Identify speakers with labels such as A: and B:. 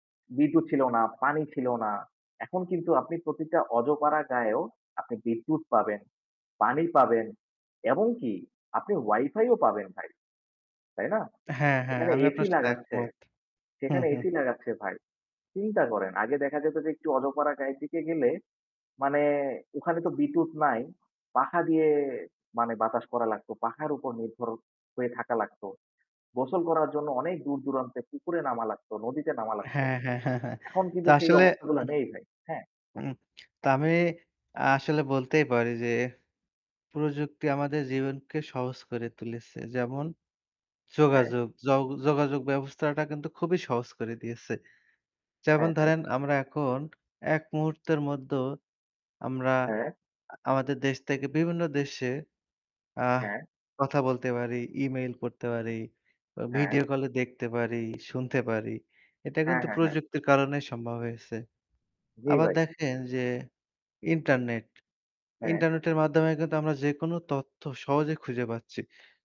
A: বিদ্যুৎ ছিল না, পানি ছিল না। এখন কিন্তু আপনি প্রতিটা অজপাড়া গাঁয়েও আপনি বিদ্যুৎ পাবেন, পানি পাবেন। এমন কি আপনি Wifi ও পাবেন ভাই, তাই না?
B: হ্যাঁ, হ্যাঁ,
A: সেখানে
B: আমি
A: এসি
B: আপনার সাথে
A: লাগাচ্ছে
B: একমত। হু,
A: সেখানে
B: হু।
A: এসি লাগাচ্ছে ভাই। চিন্তা করেন আগে দেখা যেত যে একটু অজপাড়া গাঁয়ের দিকে গেলে মানে ওখানে তো বিদ্যুৎ নাই, পাখা দিয়ে মানে বাতাস করা লাগতো। পাখার উপর নির্ভর হয়ে থাকা লাগত। গোসল করার জন্য অনেক দূর দূরান্তে পুকুরে নামা লাগত, নদীতে নামা লাগত।
B: হ্যাঁ, হ্যাঁ, হ্যাঁ, হ্যাঁ।
A: এখন
B: তো
A: কিন্তু সেই
B: আসলে
A: অবস্থাগুলা নেই ভাই, হ্যাঁ?
B: উম তো আমি আসলে বলতেই পারি যে প্রযুক্তি আমাদের জীবনকে সহজ করে তুলেছে। যেমন
A: হ্যাঁ।
B: যোগাযোগ, য যোগাযোগ ব্যবস্থাটা কিন্তু খুবই সহজ করে দিয়েছে। যেমন
A: হ্যাঁ, হ্যাঁ।
B: ধরেন আমরা এখন এক মুহূর্তের মধ্য আমরা
A: হ্যাঁ।
B: আমাদের দেশ থেকে বিভিন্ন দেশে আহ
A: হ্যাঁ।
B: কথা বলতে পারি, ইমেইল করতে পারি, অ
A: হ্যাঁ।
B: ভিডিও কল এ দেখতে পারি, শুনতে পারি। এটা
A: হ্যাঁ,
B: কিন্তু
A: হ্যাঁ, হ্যাঁ।
B: প্রযুক্তির কারণেই সম্ভব হয়েছে।
A: জি
B: আবার
A: ভাই।
B: দেখেন যে ইন্টারনেট।
A: হ্যাঁ।
B: ইন্টারনেটের মাধ্যমে কিন্তু আমরা যেকোন তথ্য সহজে খুঁজে পাচ্ছি।